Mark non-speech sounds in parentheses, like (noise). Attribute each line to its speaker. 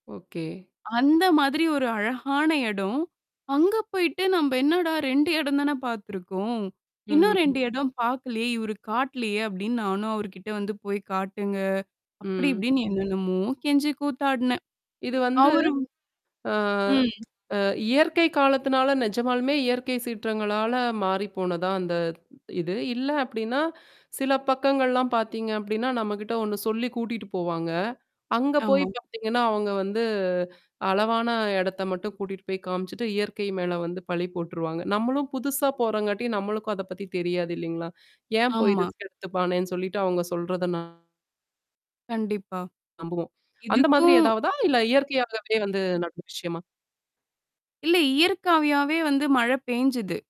Speaker 1: Okay.
Speaker 2: அந்த மாதிரி ஒரு அழகான எடம். அங்க போயிட்டு நம்ப என்னடா 2 எடந்தானே பாத்துருக்கோம்.
Speaker 1: ம்,
Speaker 2: இன்னும்
Speaker 1: ம்
Speaker 2: 2 எடம் பாக்கலயே! இவரு காட்டலயே! அப்பிடின்னு, நானும் அவருக்கிட்ட வந்து போய்க் காட்டுங்க! அப்பிடி
Speaker 1: ம்.
Speaker 2: இப்பிடின்னு என்னென்னம்மோ கெஞ்சி கூத்தாட்னேன்.
Speaker 1: இது வந்து
Speaker 2: அவரு
Speaker 1: ஆ
Speaker 2: ம்,
Speaker 1: (tsk) அ இயற்கை காலத்துனால, நெஜமாலுமே இயற்கை சீற்றங்களால மாறிப் போனதா? அந்த இது. இல்ல அப்பிடின்னா, சில பக்கங்கள்லாம் பாத்தீங்க அப்பிடின்னா, நம்மக்கிட்ட ஒண்ணு சொல்லி கூட்டிட்டு போவாங்க. அங்க போய்
Speaker 2: ஆமா.
Speaker 1: பாத்தீங்கன்னா அவுங்க வந்து அளவான இடத்த மட்டும் கூட்டிட்டு போய் காமிச்சுட்டு, இயற்கை மேல வந்து பழி போட்டுருவாங்க. நம்மளும் புதுசா போறங்காட்டியும் நம்மளுக்கும் அதப் பத்தி தெரியாது இல்லீங்களா! ஏன் போய்
Speaker 2: ஆமா.
Speaker 1: ரிஸ்க் எடுத்துப்பானேன்னு சொல்லிட்டு அவுங்க சொல்றத ந
Speaker 2: கண்டிப்பா.
Speaker 1: நம்புவோம். அந்த மாதிரி
Speaker 2: இதுக்கும்
Speaker 1: ஏதாவதா? இல்ல இயற்கையாகவே வந்து நடந்த விஷயமா?
Speaker 2: இல்ல, இயற்கையாவே வந்து மழை பேஞ்சுது.